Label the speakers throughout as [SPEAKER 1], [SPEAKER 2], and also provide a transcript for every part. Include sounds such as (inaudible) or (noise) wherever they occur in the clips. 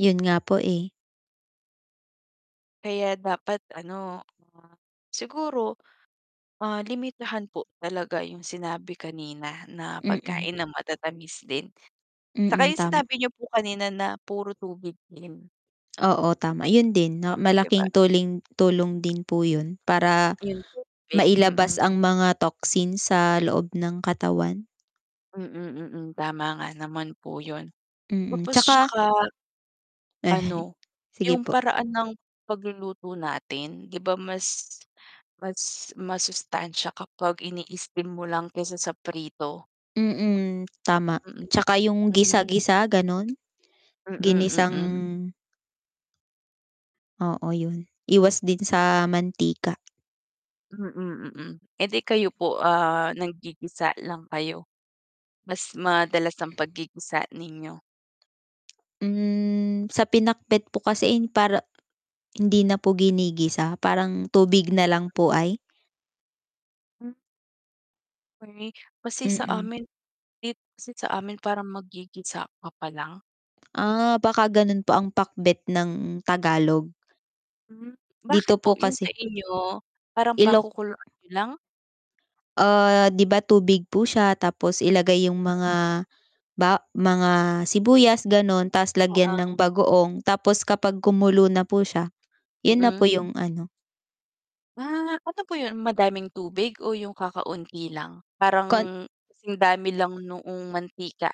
[SPEAKER 1] Yun nga po, eh.
[SPEAKER 2] Kaya dapat ano, siguro, ah, limitahan po talaga yung sinabi kanina na
[SPEAKER 1] Mm.
[SPEAKER 2] pagkain ng matatamis din. Tsaka
[SPEAKER 1] Mm,
[SPEAKER 2] yung
[SPEAKER 1] tama.
[SPEAKER 2] sinabi niyo po kanina na puro tubig din.
[SPEAKER 1] Oo, tama. Yun din na
[SPEAKER 2] Hmm, 'di
[SPEAKER 1] malaking
[SPEAKER 2] ba?
[SPEAKER 1] tuling tulong din po yun para
[SPEAKER 2] Yung tubig,
[SPEAKER 1] mailabas
[SPEAKER 2] mm.
[SPEAKER 1] ang mga toxin sa loob ng katawan.
[SPEAKER 2] Mm, mm. Tama nga naman po yun.
[SPEAKER 1] Mm,
[SPEAKER 2] Tapos
[SPEAKER 1] 'tsaka
[SPEAKER 2] tsaka
[SPEAKER 1] Eh,
[SPEAKER 2] ano,
[SPEAKER 1] sige
[SPEAKER 2] yung
[SPEAKER 1] po.
[SPEAKER 2] paraan ng pagluluto natin 'di ba mas mas masustansya kapag ini-steam mo lang kaysa sa prito.
[SPEAKER 1] Mm, tama.
[SPEAKER 2] Mm,
[SPEAKER 1] Tsaka yung
[SPEAKER 2] hmm.
[SPEAKER 1] gisa-gisa ganun.
[SPEAKER 2] Mm,
[SPEAKER 1] Ginisang
[SPEAKER 2] mm.
[SPEAKER 1] Oo, yun. Iwas din sa mantika.
[SPEAKER 2] Mm, mm. Eh, di kayo po, ah, naggigisa lang kayo? Mas madalas ang paggigisa ninyo?
[SPEAKER 1] Hmm, sa pinakbet po kasi in para hindi na po ginigisa, parang tubig na lang po ay.
[SPEAKER 2] Hmm. (unintelligible) Kasi sa
[SPEAKER 1] Mm.
[SPEAKER 2] amin it kasi sa amin parang maggigisa ka pa lang.
[SPEAKER 1] Ah, baka ganun po ang pakbet ng Tagalog.
[SPEAKER 2] Hmm, bakit
[SPEAKER 1] Dito
[SPEAKER 2] po
[SPEAKER 1] po
[SPEAKER 2] yun sa
[SPEAKER 1] kasi
[SPEAKER 2] inyo parang
[SPEAKER 1] Ilok
[SPEAKER 2] pakukuluan niyo lang?
[SPEAKER 1] Ah, 'di ba tubig po siya tapos ilagay yung
[SPEAKER 2] Hmm.
[SPEAKER 1] mga ba mga sibuyas, ganun ta's lagyan ng
[SPEAKER 2] Oo.
[SPEAKER 1] bagoong tapos kapag kumulo na po siya, yun na po
[SPEAKER 2] Mm.
[SPEAKER 1] yung ano.
[SPEAKER 2] Ah, ano po 'yon? Madaming tubig o yung kakaunti lang?
[SPEAKER 1] Kon
[SPEAKER 2] Parang singdami lang noong mantika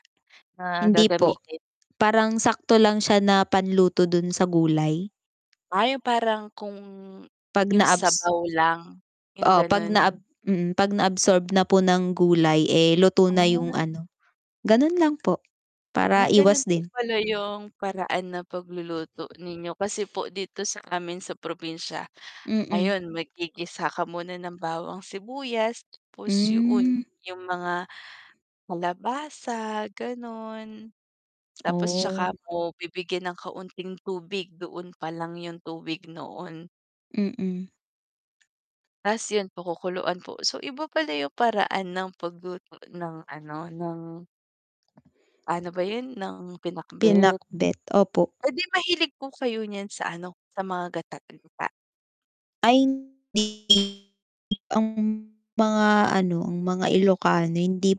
[SPEAKER 2] na
[SPEAKER 1] Hindi po.
[SPEAKER 2] gagamitin.
[SPEAKER 1] Parang sakto lang siya na panluto dun sa gulay.
[SPEAKER 2] Ah, yung parang kung
[SPEAKER 1] Pag
[SPEAKER 2] yung
[SPEAKER 1] na-abs
[SPEAKER 2] sabaw lang, yung
[SPEAKER 1] Oo, 'pag
[SPEAKER 2] ganun.
[SPEAKER 1] naab mm, 'pag na-absorb na po ng gulay, eh, luto na yung
[SPEAKER 2] Ah.
[SPEAKER 1] ano, ganun lang po
[SPEAKER 2] Ah,
[SPEAKER 1] para
[SPEAKER 2] ganun
[SPEAKER 1] iwas
[SPEAKER 2] po
[SPEAKER 1] din.
[SPEAKER 2] pala yung paraan ng pagluluto ninyo. Kasi po dito sa amin sa probinsya,
[SPEAKER 1] Mm.
[SPEAKER 2] ayun maggigisa ka muna ng bawang, sibuyas tapos 'yon,
[SPEAKER 1] Hmm.
[SPEAKER 2] yung mga kalabasa, gano'n.
[SPEAKER 1] (clicks tongue)
[SPEAKER 2] Tapos tsaka
[SPEAKER 1] Oh.
[SPEAKER 2] mo bibigyan ng kaunting tubig, doon pa lang yung tubig noon.
[SPEAKER 1] Mm.
[SPEAKER 2] Ta's yun po kukuluan po. So, iba pala yung paraan ng pagluto ng ano ng ano ba yun, ng pinakbet.
[SPEAKER 1] Pinakbet, opo.
[SPEAKER 2] Eh, di mahilig po kayo niyan sa ano, sa mga gata-gata.
[SPEAKER 1] Ay (unintelligible) ang mga ano, ang mga Ilokano hindi